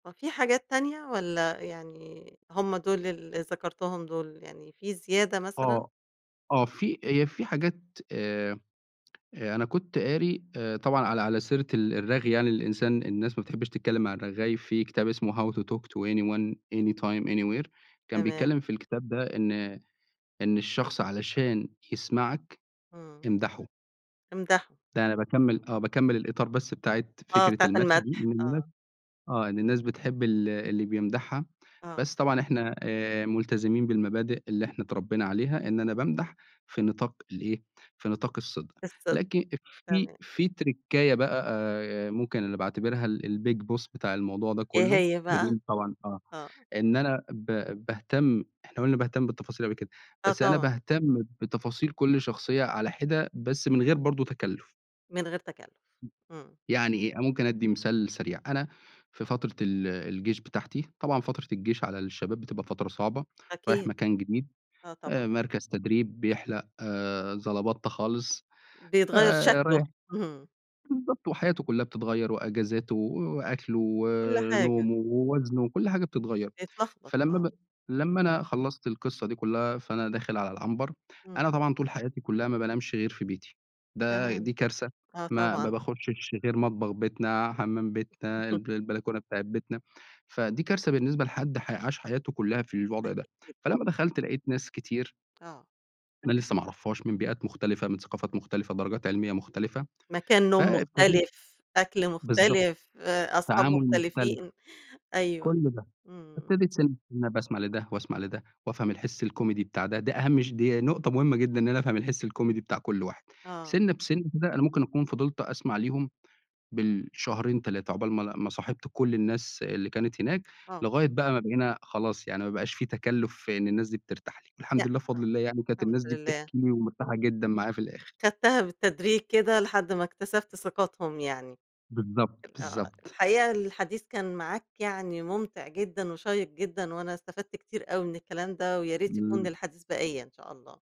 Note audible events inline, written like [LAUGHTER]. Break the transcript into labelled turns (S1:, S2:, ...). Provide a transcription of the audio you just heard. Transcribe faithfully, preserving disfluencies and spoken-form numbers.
S1: هو في حاجات تانية، والّا يعني هُم دُول اللي ذكرتهم دُول يعني، في زيادة مثلًا؟
S2: آه، آه في هي في حاجات آآ أ أنا كنت قاري آآ طبعًا على على سيرة ال الرغي يعني للإنسان الناس ما بتحبش تتكلم مع الرغّاي في كتاب اسمه how to talk to anyone any time anywhere كان
S1: تمام.
S2: بيتكلم في الكتاب ده إن إن الشخص علشان يسمعك،
S1: إمم.
S2: امدحه
S1: امدحه،
S2: ده أنا باكمّل
S1: اهم.
S2: آه باكمّل الإطار بس بتاعة
S1: آه،
S2: فكرة
S1: بتاعة
S2: المدح دي.
S1: المدح
S2: إن الناس
S1: آه.
S2: آه إن الناس بتحب ال اللي بيمدحها
S1: آه.
S2: بس طبعًا إحنا آآ ملتزمين بالمبادئ اللي إحنا اتربينا عليها إن أنا بامدح في نطاق الإيه في نطاق الصدق.
S1: الصدق،
S2: لكِ أف في
S1: تمام.
S2: في تركّاية بقى آآ آآ ممكن اللي باعتبرها ال الbig boss بتاع الموضوع ده
S1: إيه
S2: كلّه
S1: هي بقى؟
S2: بدون طبعًا آه
S1: آه.
S2: إن أنا ب باهتم إحنا قُلنا باهتم بالتفاصيل أوي كده،
S1: آه،
S2: بس أنا
S1: طبعًا.
S2: باهتم بتفاصيل كل شخصية على حِدا بس من غير برضه تكلّف.
S1: من غير تكلّف،
S2: امم،
S1: إمم.
S2: يعني إيه، أنا مُمكن ادّي مثال سريع، أنا في فترة ال الجيش بتاعتي طبعًا فترة الجيش على الشباب بتبقى فترة صعبة، رايح
S1: أكيد،
S2: مكان جديد
S1: آه
S2: آآ
S1: طبعًا.
S2: مركز تدريب بيحلق زلبطتة خالص
S1: بيتغيّر شكله،
S2: فرايح
S1: اهم.
S2: بالضبط وحياته كلّها بتتغيّر وإجازاته و وأكله
S1: كل حاجة.
S2: ونومه ووزنه وكل حاجة بتتغيّر
S1: بيتلخبط
S2: فلمّا
S1: آه،
S2: ب لمّا
S1: امم.
S2: أنا خلّصت القِصّة دي كلّها فأنا داخل على العنبر أنا
S1: إمم.
S2: طبعًا طول حياتي كلّها ما بانامش غير في بيتي ده دي
S1: تمام،
S2: كارثة
S1: آه
S2: ما ما
S1: طبعًا.
S2: باخشش غير مطبخ بيتنا حمام بيتنا
S1: [CHUCKLES]
S2: الب البلكونة بتاعة بيتنا فدي كارثة بالنسبة لحدّ ح عاش حياته كلّها في الوضع ده
S1: أكيد ط
S2: فلمّا دخلت لقيت ناس كتير
S1: آه.
S2: أنا لسه ما أعرفهاش من بيئات مختلفة، من ثقافات مختلفة، درجات علمية مختلفة،
S1: مكان نوم
S2: فإبتديت
S1: مختلف، أكل
S2: بالضبط،
S1: مختلف، آآ أصحاب
S2: تعامل مختلف،
S1: مُختلفين، أيوه،
S2: كل ده.
S1: إمم.
S2: إبتديت سِنّ سِنّه باسمع لدّه واسمع لدّه وافهم الحِس الكوميدي بتاع ده دي أهَم ش دي نقطة مُهمة جدًا إن أنا افهم الحِسّ الكوميدي بتاع كل واحد.
S1: آه.
S2: سِنّة بسِنّة كده أنا مُمكن أكون فضلت أسمع ليهم بالشهرين تلاتة عُقبال ما ل ما صاحِبت كل الناس اللي كانت هناك
S1: آه.
S2: لغاية بقى ما بقينا خلاص يعني ما بقاش في تكلّف في إن الناس دي بترتاح لي. الحمد
S1: لأ،
S2: لله بفضل الله يعني كانت
S1: الحمد
S2: الناس دي
S1: لله.
S2: بتحكي لي ومرتاحة جدًا معايا في الآخر.
S1: خدّتها بالتدريج كده، لحَدّ ما اكتسبت ثقتهم يعني أ
S2: بالضبط،
S1: آه
S2: بالضبط.
S1: الحقيقة الحديث كان معاك يعني، مُمتع جدًا وشيّق جدًا وأنا استفدت كتير أوي من الكلام ده، وياريت يكون
S2: ل
S1: للحديث بقيّة إن شاء الله.